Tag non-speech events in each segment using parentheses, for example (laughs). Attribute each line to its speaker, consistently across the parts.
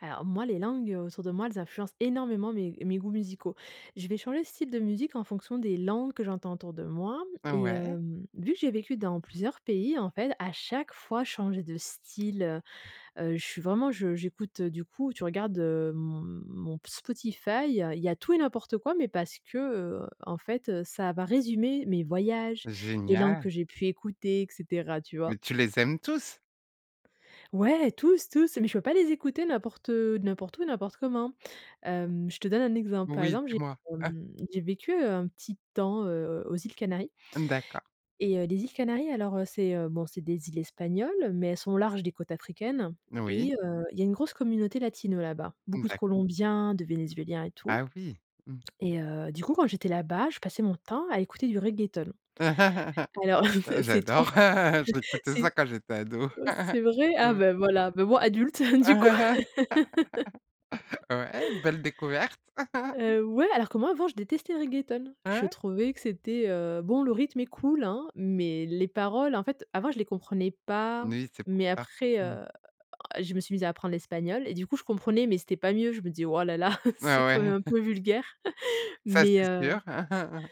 Speaker 1: Alors moi, les langues autour de moi, elles influencent énormément mes mes goûts musicaux. Je vais changer de style de musique en fonction des langues que j'entends autour de moi.
Speaker 2: O
Speaker 1: Et
Speaker 2: ouais.
Speaker 1: hem, vu que j'ai vécu dans plusieurs pays, en fait à chaque fois changer de style heu, heu je suis vraiment je j'écoute du coup tu regardes, heu, m mon Spotify, il y a tout et n'importe quoi mais parce que, heu, en fait, heu, ça va résumer mes voyages, les langues
Speaker 2: Génial!
Speaker 1: que j'ai pu écouter et cetera tu vois?
Speaker 2: Mais tu les aimes tous?
Speaker 1: Ouais, tous, tous, mais je peux pas les écouter n'importe heu, n'importe où et n'importe comment. Hem, je te donne un exemple. Par
Speaker 2: Oui,
Speaker 1: exemple, j'ai
Speaker 2: dis-moi, ah!
Speaker 1: hem, j'ai vécu un petit temps, heu, aux îles Canaries
Speaker 2: D'accord.
Speaker 1: et, heu, les îles Canaries, alors, heu, c'est, heu, bon, c'est des îles espagnoles, mais elles sont au large des côtes africaines
Speaker 2: Oui.
Speaker 1: et heu, il y a une grosse communauté latino là-bas. Beaucoup de
Speaker 2: D'acc
Speaker 1: Colombiens, de Vénézuéliens et tout.
Speaker 2: Ah oui! Mmh.
Speaker 1: Et, heu, du coup, quand j'étais là-bas, je passais mon temps à écouter du reggaeton.
Speaker 2: (laughs)
Speaker 1: Alors,
Speaker 2: J'
Speaker 1: (chuckles) c'est trop
Speaker 2: j'adore! (laughs) J'écoutais ça
Speaker 1: c'est
Speaker 2: quand j'étais ado.
Speaker 1: oh
Speaker 2: (laughs)
Speaker 1: c'est vrai? Ah,
Speaker 2: mmh.
Speaker 1: bah voilà, bah, moi adulte, du coup
Speaker 2: (laughs) Ouais, belle découverte.
Speaker 1: (laughs)
Speaker 2: (laughs)
Speaker 1: Heu, ouais, alors que moi avant, je détestais le reggaeton. Je
Speaker 2: Ouais?
Speaker 1: trouvais que c'était heu, bon, le rythme est cool, hein, mais les paroles, en fait, avant je les comprenais pas.
Speaker 2: Non, oui c'est pour
Speaker 1: Mais
Speaker 2: ça.
Speaker 1: après,
Speaker 2: Mmh.
Speaker 1: heu, je me suis mise à apprendre l'espagnol et du coup, je comprenais, mais c'était pas mieux. Je me disais: «Oh là là, c'est
Speaker 2: Bah
Speaker 1: quand même
Speaker 2: ouais!
Speaker 1: un
Speaker 2: (chuckles)
Speaker 1: peu vulgaire (laughs)
Speaker 2: Ça
Speaker 1: mais
Speaker 2: c'est sûr!
Speaker 1: heu»
Speaker 2: (laughs)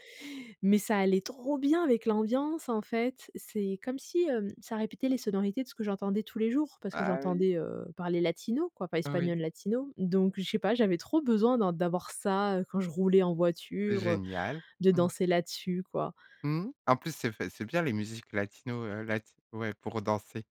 Speaker 1: mais ça allait trop bien avec l'ambiance en fait. C'est comme si, heu, ça répétait les sonorités de ce que j'entendais tous les jours parce que
Speaker 2: Ah oui.
Speaker 1: j'entendais, heu, parler latino quoi, pas
Speaker 2: Oui.
Speaker 1: espagnol latino. Donc je sais pas, j'avais trop besoin d'en d'avoir ça, heu, quand je roulais en voiture, heu,
Speaker 2: Génial.
Speaker 1: de
Speaker 2: Mmh.
Speaker 1: danser là dessus, quoi.
Speaker 2: Mmh. En plus, c'est fa c'est bien les musiques latino, heu, lati ouais, pour danser.